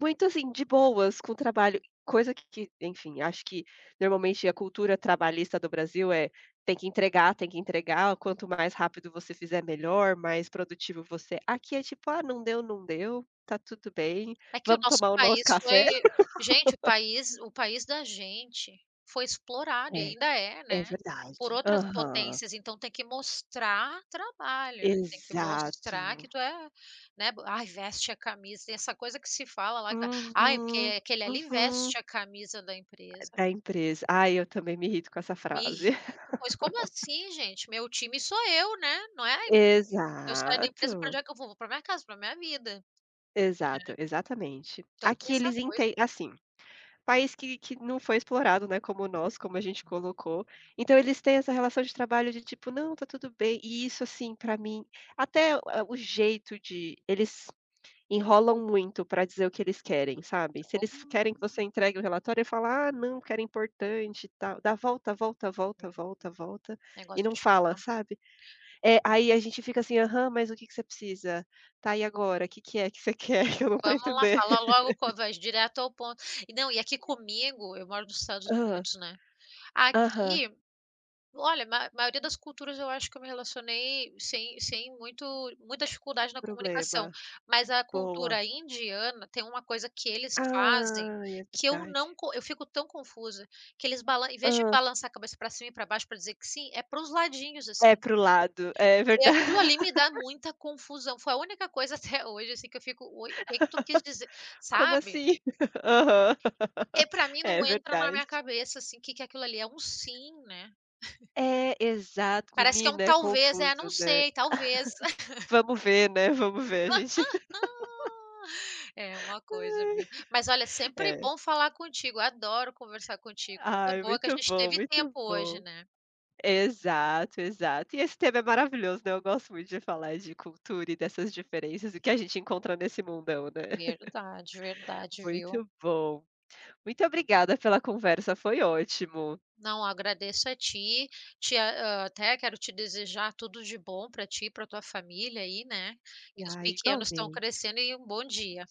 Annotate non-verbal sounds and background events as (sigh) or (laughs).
Muito, assim, de boas com o trabalho, coisa que que, enfim, acho que normalmente a cultura trabalhista do Brasil é: tem que entregar, tem que entregar, quanto mais rápido você fizer, melhor, mais produtivo você é. Aqui é tipo: "Ah, não deu, não deu. Tá tudo bem, É que o vamos nosso tomar o nosso país café". foi gente, o (laughs) país o país da gente foi explorado. E É, ainda é, é né, por verdade. outras Aham. potências. Então tem que mostrar trabalho, né. Tem que mostrar que Exato. tu é, né, “Ai, veste a camisa.” Tem essa coisa que se fala lá, que é: “Ai, porque Uhum, aquele ali uhum. veste a camisa da empresa.” Da empresa. Ai, eu também me irrito com essa Me frase. irrito, pois como (laughs) assim, gente? Meu time sou eu, né. Não é a em eu saio da empresa, pra onde Exato. é que eu vou? Vou pra minha casa, pra minha vida. Exato, Né. exatamente. Então tem Aqui essa eles coisa, enten né. assim, país que que não foi explorado, né, como nós, como a gente colocou. Então eles têm essa relação de trabalho de tipo: "Não, tá tudo bem". E isso assim pra mim, até o a o jeito de eles enrolam muito pra dizer o que eles querem, sabe. Se eles querem que você entregue o relatório, aí fala: "Ah, não, porque era importante, tal". Dá volta, volta, volta, Uhum. volta e Negócio não de ficar. fala, sabe. É, aí a gente fica assim: "Aham, mas o que que você precisa? Tá, e agora, que que é que você quer que eu não tô Vamos lá, entendendo". fala logo, co (laughs) vai direto ao ponto. E, não, e aqui comigo, eu moro nos Estados Hã. Unidos, né, Aham. aqui, olha, mai maioria das culturas, eu acho que eu me relacionei sem sem muito muita dificuldade na comunicação. Problema. Mas a Boa. cultura indiana tem uma coisa que eles fazem Ai, é que eu não verdade. co eu fico tão confusa. Que eles balan em vez de Hã? balançar a cabeça pra cima e pra baixo pra dizer que sim, é pros ladinhos, assim. É, pro lado. É E verda aquilo ali me dá (laughs) muita confusão. Foi a única coisa até hoje, assim, que eu fico: "Oi? O que que tu quis dizer?" (laughs) Como Sabe? assim? (chuckles) Aham. Porque (laughs) pra mim não É entra na verdade. minha cabeça, assim, que que aquilo ali. É um sim, né. É, exato, (chuckles) Parece que é um menina, é talvez: "É, não confuso, né. sei, talvez". (chuckles) Vamos ver, né, vamos ver, a gente (chuckles) (laughs) (laughs) É uma coisa, Ai. viu. Mas olha, sempre É. bom falar contigo. Adoro conversar contigo. Coisa Ai, boa que a muito gente bom, teve tempo muito hoje, bom. né. Exato, exato. E esse tema é maravilhoso, né. Eu gosto muito de falar de cultura e dessas diferenças, o que a gente encontra nesse mundão, né. Verdade, (chuckles) verdade, viu. Muito bom. Muito obrigada pela conversa, foi ótimo. Não, agradeço a ti. Te hã, até quero te desejar tudo de bom pra ti e pra tua família aí, né. Que os Ah, pequenos tão igualmente. crescendo e um bom dia.